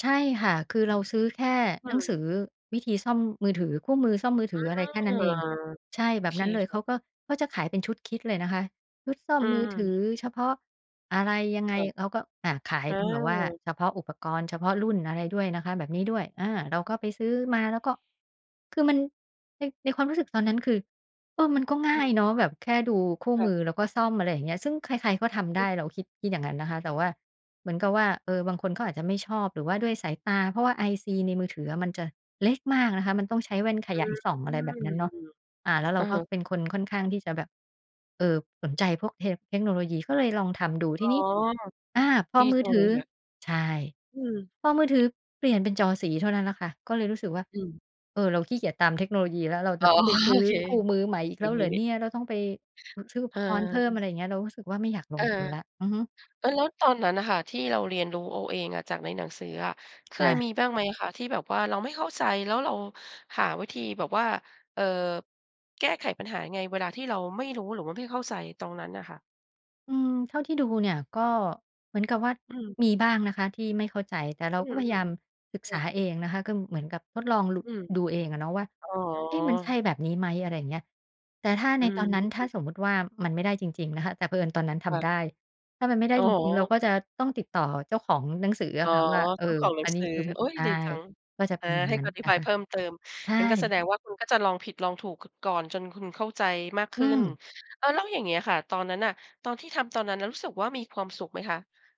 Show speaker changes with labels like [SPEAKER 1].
[SPEAKER 1] ใช่ค่ะ คือ เราซื้อแค่
[SPEAKER 2] อื
[SPEAKER 1] หนัง
[SPEAKER 2] ม
[SPEAKER 1] สือวิธีซ่อมมือถือคู่มือซ่อมมือถ
[SPEAKER 2] อื
[SPEAKER 1] ืออะไรแค่นั้
[SPEAKER 2] ม
[SPEAKER 1] นเอง ใช่
[SPEAKER 2] โอ
[SPEAKER 1] แบ
[SPEAKER 2] เ
[SPEAKER 1] บ
[SPEAKER 2] ค
[SPEAKER 1] นั้นเลย
[SPEAKER 2] ค
[SPEAKER 1] เ
[SPEAKER 2] ่
[SPEAKER 1] ข
[SPEAKER 2] ะ
[SPEAKER 1] าก็ เขาจะขายเป็นชุด kit เลยนะคะ ชุดซ่อ
[SPEAKER 2] อ
[SPEAKER 1] ม
[SPEAKER 2] ื
[SPEAKER 1] มือถือ
[SPEAKER 2] ม
[SPEAKER 1] เฉพาะอะไรยังไ
[SPEAKER 2] ค
[SPEAKER 1] ง
[SPEAKER 2] ่ะ
[SPEAKER 1] เขาก็ อา ขาย
[SPEAKER 2] อ
[SPEAKER 1] เป็นแบบว่า
[SPEAKER 2] า
[SPEAKER 1] เฉพาะอุปกรณ์เฉพาะรุ่นอะไรด้วยนะคะ แบบนี้ด้วย อา เราก็ไปซื้อมา แล้วก็ คือมัน ใน ในความรู้สึกตอนนั้น คือ เออ มันก็ง่
[SPEAKER 2] อ
[SPEAKER 1] า
[SPEAKER 2] ื
[SPEAKER 1] ย
[SPEAKER 2] อ
[SPEAKER 1] เนาะ แบบแค่ดูคู่
[SPEAKER 2] ค่
[SPEAKER 1] ม
[SPEAKER 2] ะ
[SPEAKER 1] ือ แล้วก็ซ่อม อะไรอย่างเงี้ย ซึ่งใคร ๆ ก็ทำได
[SPEAKER 2] อ
[SPEAKER 1] ้ เราคิด คิดอย่างนั้นนะคะ แต่ว่า เหมือนกับว่า เออ บางคนเขา ก็อาจจะไม่ชอบ หรือว่าด้วยสายตา เพราะว่า IC ในมือถืออะมันจะเล็กมากนะคะ มันต้องใช้แว่นข
[SPEAKER 2] อื
[SPEAKER 1] ยายส่อง อะไรแบบ
[SPEAKER 2] ม
[SPEAKER 1] นั้นเนาะ อ่า แล้วเร
[SPEAKER 2] อ
[SPEAKER 1] า
[SPEAKER 2] ะ
[SPEAKER 1] ก
[SPEAKER 2] ฮ
[SPEAKER 1] ็
[SPEAKER 2] ะ
[SPEAKER 1] เป็นคนค่อนข้างที่จะแบบ เอ่อ สนใจพวกเท เทคโนโลยีก็เลยลองทำดู
[SPEAKER 2] อ
[SPEAKER 1] ท
[SPEAKER 2] ๋
[SPEAKER 1] ี
[SPEAKER 2] อ
[SPEAKER 1] นี้ อา พ
[SPEAKER 2] ด
[SPEAKER 1] อ
[SPEAKER 2] ี
[SPEAKER 1] มื
[SPEAKER 2] จ
[SPEAKER 1] อ
[SPEAKER 2] ัง
[SPEAKER 1] ถ
[SPEAKER 2] เล
[SPEAKER 1] ื
[SPEAKER 2] ย
[SPEAKER 1] อ
[SPEAKER 2] ค่ะ
[SPEAKER 1] ใช่
[SPEAKER 2] อืม
[SPEAKER 1] พอมือถือเปลี่ยนเป็นจอสีเท่านั้นละค่ะ ก็เลยรู้สึกว่า
[SPEAKER 2] อืม
[SPEAKER 1] เออ เราขี้เกียจตามเทคโนโลยีแล้ว เรา
[SPEAKER 2] อ๋
[SPEAKER 1] จะ
[SPEAKER 2] อ
[SPEAKER 1] ต้องไปซื
[SPEAKER 2] โ
[SPEAKER 1] ้
[SPEAKER 2] อ
[SPEAKER 1] อ
[SPEAKER 2] เค
[SPEAKER 1] คู่มือใหม่อีก
[SPEAKER 2] อ
[SPEAKER 1] แ
[SPEAKER 2] ย่
[SPEAKER 1] ล้
[SPEAKER 2] า
[SPEAKER 1] ว
[SPEAKER 2] ง
[SPEAKER 1] เ
[SPEAKER 2] ง
[SPEAKER 1] หร
[SPEAKER 2] ี้
[SPEAKER 1] อ
[SPEAKER 2] นี
[SPEAKER 1] เ
[SPEAKER 2] ่
[SPEAKER 1] นี่ย เราต้องไปซื้ออุ
[SPEAKER 2] เอ
[SPEAKER 1] ป
[SPEAKER 2] อ
[SPEAKER 1] กรณ์เพิ่ม อะไรอย่างเงี้ย เรารู้สึกว่าไม่อยากล
[SPEAKER 2] เออ
[SPEAKER 1] งทุนแล้ว อือฮึ
[SPEAKER 2] เออ แล้วตอนนั้นน่ะค่ะ ที่เราเรียนรู้เอาเองอะ จากในหนังสืออะ เค
[SPEAKER 1] ค่
[SPEAKER 2] ย
[SPEAKER 1] ะ
[SPEAKER 2] มีบ้างไหมคะที่แบบว่า เราไม่เข้าใจแล้วเราหาวิธีแบบว่า เอ่อ แก้ไขปัญหายังไงเวลาที่เราไม่รู้ หรือว่าไม่เข้าใจตรงนั้นน่ะค่ะ?
[SPEAKER 1] อืม เท่าที่ดูเนี่ย ก็เหมือนกับว่า
[SPEAKER 2] อืม
[SPEAKER 1] มีบ้างนะคะที่ไม่เข้าใจ แต่เร
[SPEAKER 2] อ
[SPEAKER 1] า
[SPEAKER 2] ื
[SPEAKER 1] ก็พยายา
[SPEAKER 2] ม
[SPEAKER 1] มศึก
[SPEAKER 2] ๆ ค
[SPEAKER 1] ษ
[SPEAKER 2] ่
[SPEAKER 1] า
[SPEAKER 2] ะ
[SPEAKER 1] เองนะคะ ก็เหมือนกับทดลอง ลุ
[SPEAKER 2] อืม
[SPEAKER 1] ดูเองอะเนาะว่า
[SPEAKER 2] อ๋อ
[SPEAKER 1] เอ๊ะ มันใช่แบบนี้ไหม อะไรอย่างเงี้ย แต่ถ้า
[SPEAKER 2] อื
[SPEAKER 1] ในตอนนั้น ถ้
[SPEAKER 2] ม
[SPEAKER 1] าสมมุติว่า มันไม่ได้จริง ๆ นะคะ แต่เผอิญตอนนั้นท
[SPEAKER 2] ค่
[SPEAKER 1] ำ
[SPEAKER 2] ะ
[SPEAKER 1] ได้ ถ้ามันไม่ได้
[SPEAKER 2] อ๋อ
[SPEAKER 1] จริง ๆ เราก็จะต้องติดต่อเจ้าของหนังสือ
[SPEAKER 2] อ
[SPEAKER 1] อ
[SPEAKER 2] ๋
[SPEAKER 1] ะ
[SPEAKER 2] อ
[SPEAKER 1] ค่ะว่า เอ
[SPEAKER 2] เจ
[SPEAKER 1] อ
[SPEAKER 2] ้าของหนั
[SPEAKER 1] อ
[SPEAKER 2] ง
[SPEAKER 1] ันนี
[SPEAKER 2] ส
[SPEAKER 1] ้
[SPEAKER 2] ือ
[SPEAKER 1] คือ
[SPEAKER 2] โอ๊ย
[SPEAKER 1] ตา
[SPEAKER 2] ดีจ
[SPEAKER 1] ย
[SPEAKER 2] ัง
[SPEAKER 1] ก็จะ
[SPEAKER 2] อ
[SPEAKER 1] เป
[SPEAKER 2] า
[SPEAKER 1] ็นอย่าง
[SPEAKER 2] ให้
[SPEAKER 1] นั้น
[SPEAKER 2] อธิ
[SPEAKER 1] น
[SPEAKER 2] บ
[SPEAKER 1] ะ
[SPEAKER 2] าย
[SPEAKER 1] ค
[SPEAKER 2] เ
[SPEAKER 1] ะ
[SPEAKER 2] พิ่มเติม
[SPEAKER 1] ใช
[SPEAKER 2] งั้นก็แส
[SPEAKER 1] ่
[SPEAKER 2] ดงว่า คุณก็จะลองผิดลองถูก ก ก่อนจนคุณเข้าใจมากข
[SPEAKER 1] อื
[SPEAKER 2] ึ้น
[SPEAKER 1] ม
[SPEAKER 2] เอ่อ แล้วอย่างเงี้ยค่ะ ตอนนั้นน่ะ ตอนที่ทำตอนนั้นรู้สึกว่า มีความสุขไหมคะ?